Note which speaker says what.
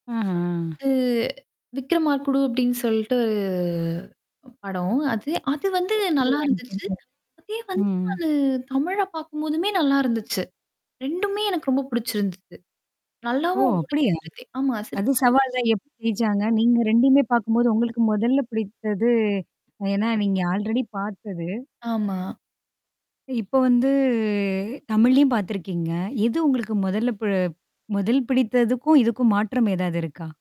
Speaker 1: அஹா!
Speaker 2: அ "விக்ரமாக்குடு" அப்டின்னு சொல்ட்டு படம். அது அது வந்து
Speaker 1: ஓ!
Speaker 2: நல்லா
Speaker 1: அப்படியா எனக்கு
Speaker 2: இருந்துச்சு.
Speaker 1: தெரியாது.
Speaker 2: அதே வந்து
Speaker 1: ம்ஹ்ம்.
Speaker 2: அது தமிழ்ல பாக்கும்போதுமே நல்லா இருந்துச்சு. 2மே எனக்கு ரொம்ப புடிச்சிருந்துது.
Speaker 1: ஓ!
Speaker 2: நல்லாவும் ஓடிச்சு
Speaker 1: அப்படியா?
Speaker 2: சிறுத்தை. ஆமா சிறுத்த
Speaker 1: அது
Speaker 2: [unintelligible]
Speaker 1: சவால் தான் எப்படி ஜெய்ச்சாங்க? நீங்க 2மே பாக்கும்போது, உங்களுக்கு மொதல்ல பிடித்தது ஏன்னா நீங்க ஆல்ரெடி பாத்தது
Speaker 2: ஆமா.
Speaker 1: அ இப்ப வந்து தமிழ்லயும் பாத்துருக்கீங்க. எது உங்களுக்கு மொதல்ல ப முதல் பிடித்ததுக்கும், இதுக்கும் மாற்றம் ஏதாவது இருக்கா?